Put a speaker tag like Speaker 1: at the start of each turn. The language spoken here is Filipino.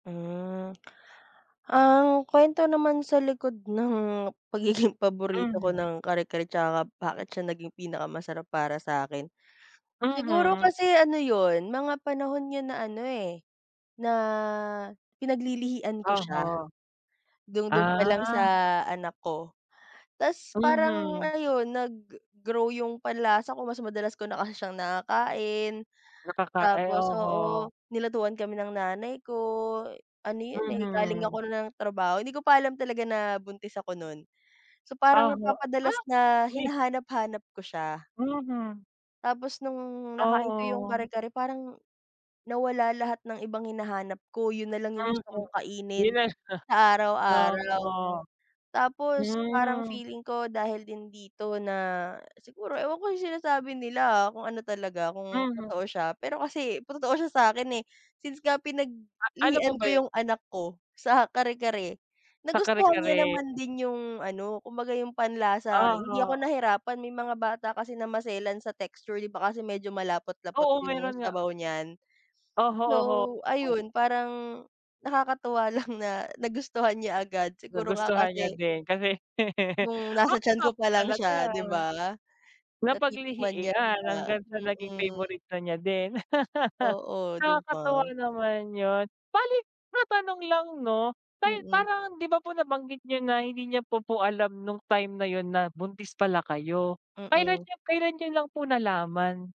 Speaker 1: Mm, ang kwento naman sa likod ng pagiging paborito ko
Speaker 2: Mhm.
Speaker 1: ng kare-kare 'tsaka bakit siya naging pinaka masarap para sa'kin, siguro
Speaker 2: Mhm.
Speaker 1: kasi ano yun mga panahon yun na ano eh, na pinaglilihian ko siya,
Speaker 2: Uh-huh.
Speaker 1: dung dung
Speaker 2: Ah.
Speaker 1: palang sa anak ko. Ta's parang
Speaker 2: Mhm.
Speaker 1: ayun nag grow yung panlasa ko mas madalas ko na kasi siyang nakakain,
Speaker 2: Nakaka ay
Speaker 1: tapos
Speaker 2: oho.
Speaker 1: oo nilutuan kami ng nanay ko, ano yun eh galing ako
Speaker 2: Mhm.
Speaker 1: nun ng trabaho hindi ko pa alam talaga na buntis ako nun, so parang
Speaker 2: Uh-huh,
Speaker 1: napapadalas
Speaker 2: ah!
Speaker 1: na
Speaker 2: Uy!
Speaker 1: hinahanap hanap ko siya.
Speaker 2: Mhm.
Speaker 1: Tapos nung nakain ko yung
Speaker 2: Oo.
Speaker 1: kare-kare parang, nawala lahat ng ibang hinahanap ko yun nalang yung
Speaker 2: Mhm,
Speaker 1: gusto kong kainin,
Speaker 2: nires,
Speaker 1: sa
Speaker 2: [unintelligible]
Speaker 1: araw-araw.
Speaker 2: ah,
Speaker 1: Tapos parang
Speaker 2: mm.
Speaker 1: feeling ko dahil din dito na siguro ewan ko yung sinasabi nila, ah, kung ano talaga kung
Speaker 2: Mhm.
Speaker 1: totoo siya pero kasi totoo siya sa'kin eh since nga
Speaker 2: A ano po
Speaker 1: pinaglihian
Speaker 2: ba
Speaker 1: ko
Speaker 2: yun?
Speaker 1: yung anak ko sa kare-kare,
Speaker 2: Sa
Speaker 1: nagustuhan niya
Speaker 2: kare-kare.
Speaker 1: naman din yung ano kumbaga yung panlasa hindi
Speaker 2: Uh-huh.
Speaker 1: ako nahirapan may mga bata kasi na maselan sa texture 'di ba kasi medyo malapot-lapot
Speaker 2: Oo,
Speaker 1: yung
Speaker 2: meron nga.
Speaker 1: sabaw niyan.
Speaker 2: Oho oho.
Speaker 1: So ayun parang, nakakatuwa lang na nagustuhan niya agad siguro nga
Speaker 2: Nagustuhan niya
Speaker 1: kasi
Speaker 2: din kasi,
Speaker 1: nung nasa
Speaker 2: baka
Speaker 1: tiyan
Speaker 2: nga
Speaker 1: ko
Speaker 2: po
Speaker 1: pa lang
Speaker 2: talaga.
Speaker 1: siya 'di ba? Natitikman man na nya,
Speaker 2: Napaglihiian hanggang sa naging
Speaker 1: mm.
Speaker 2: favorite na niya din.
Speaker 1: Oo 'di ba?
Speaker 2: Nakakatuwa naman yun, bale matanong lang 'no,
Speaker 1: Mm.
Speaker 2: parang 'di ba po nabanggit niyo na hindi niya po po alam nung time na yun na buntis pala kayo, kailan
Speaker 1: Mm.
Speaker 2: nyo kailan nyo lang po nalaman?